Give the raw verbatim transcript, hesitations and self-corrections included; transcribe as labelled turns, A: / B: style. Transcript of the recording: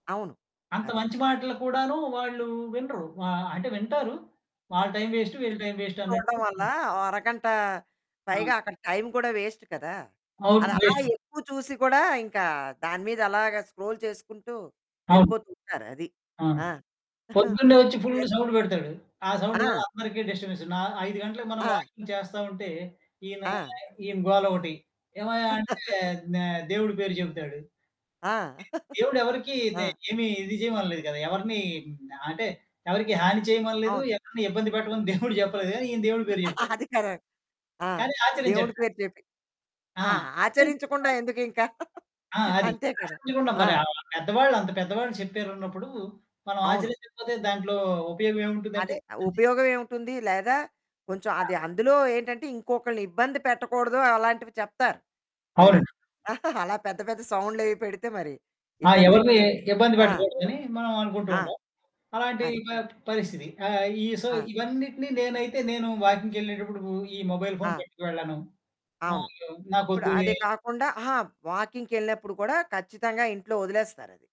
A: అవును.
B: అంత
A: అదే.
B: మంచి మాటలు కూడాను వాళ్ళు వినరు. ఆహ్, అంటే వింటారు. వాళ్ళ టైం వేస్టు, వీళ్ళ టైం
A: ఎక్కువ
B: వేస్టు
A: చూడడం
B: అన్నట్టు.
A: వల్ల
B: హ్మ్.
A: ఓ అరగంట
B: ఆ!
A: పైగా అక్కడ టైం కూడా వేస్ట్ కదా!
B: అవును.
A: అది అలా
B: వేస్టు.
A: ఎక్కువ చూసి కూడా ఇంకా దాని మీద అలాగా స్క్రోల్ చేసుకుంటూ
B: అవును.
A: వెళ్ళిపోతూ ఉంటారు అది.
B: ఆ!
A: ఆ!
B: పొద్దున్నే వచ్చి
A: ఇప్పుడే
B: ఫుల్లు సౌండ్ పెడతాడు. ఆ సౌండ్ వల్ల
A: ఆ!
B: అందరికి డిస్టర్బెన్స్. నా ఐదు గంటలకి మనం
A: ఆ!
B: వాకింగ్ చేస్తా ఉంటే ఈయన,
A: ఆ!
B: ఈయన గోలొకటి. ఏమయ్యా అంటే ఆహ్, దేవుడి పేరు చెప్తాడు.
A: ఆ!
B: దేవుడు ఎవరికీ దే
A: ఆ!
B: ఏమి ఇది చేయమనలేదు కదా! ఎవరిని హ్మ్. అంటే ఎవరికీ హాని చేయమనలేదు.
A: అవును.
B: ఎవరిని ఇబ్బంది పెట్టమని దేవుడు చెప్పలేదు కానీ ఈయన దేవుడి పేరు చెప్పాడు.
A: అది కరా ఆ!
B: కానీ
A: దేవుడి
B: ఆచరించట్ల.
A: పేరు చెప్పి. ఆ!
B: ఆ!
A: ఆచరించకుండా
B: [unintelligible]
A: ఎందుకింకా
B: ఆ! అది
A: అంతే కదా!
B: [unintelligible]
A: ఆ!
B: మరి ఆహ్, పెద్దవాళ్ళు అంత పెద్దవాళ్ళు చెప్పారన్నప్పుడు మనం
A: అవును.
B: ఆచరించకపోతే దాంట్లో ఉపయోగం ఏముంటుందంటే
A: అది
B: అది.
A: ఉపయోగం ఏమిటుంది? లేదా కొంచెం
B: ఆ!
A: అది అందులో ఏంటంటే ఇంకొకళ్ళని ఇబ్బంది పెట్టకూడదు అలాంటివి చెప్తారు. మరి
B: అవునండి.
A: అలా పెద్ద పెద్ద సౌండ్లయి పెడితే మరి
B: ఆ!
A: ఇబ్బందే
B: ఎవరిని
A: కదా!
B: ఇబ్బంది
A: ఆ!
B: పెట్టకూడదని మనం అనుకుంటూ
A: ఆ!
B: ఉంటాం. అలాంటి
A: అది.
B: ప పరిస్థితి ఆహ్, ఈ సో,
A: ఆ!
B: ఇవన్నిటిని నేనైతే నేను వాకింగ్‌కెళ్ళేటప్పుడు ఈ మొబైల్ ఫోను
A: ఆ!
B: పెట్టుకు వెళ్ళను.
A: అవును.
B: [unintelligible]
A: ఇప్పుడదే
B: నాకొద్దువే
A: కాకుండా ఆహా! వాకింగ్‌కెళ్ళినప్పుడు కూడా ఖచ్చితంగా ఇంట్లో వదిలేస్తారది.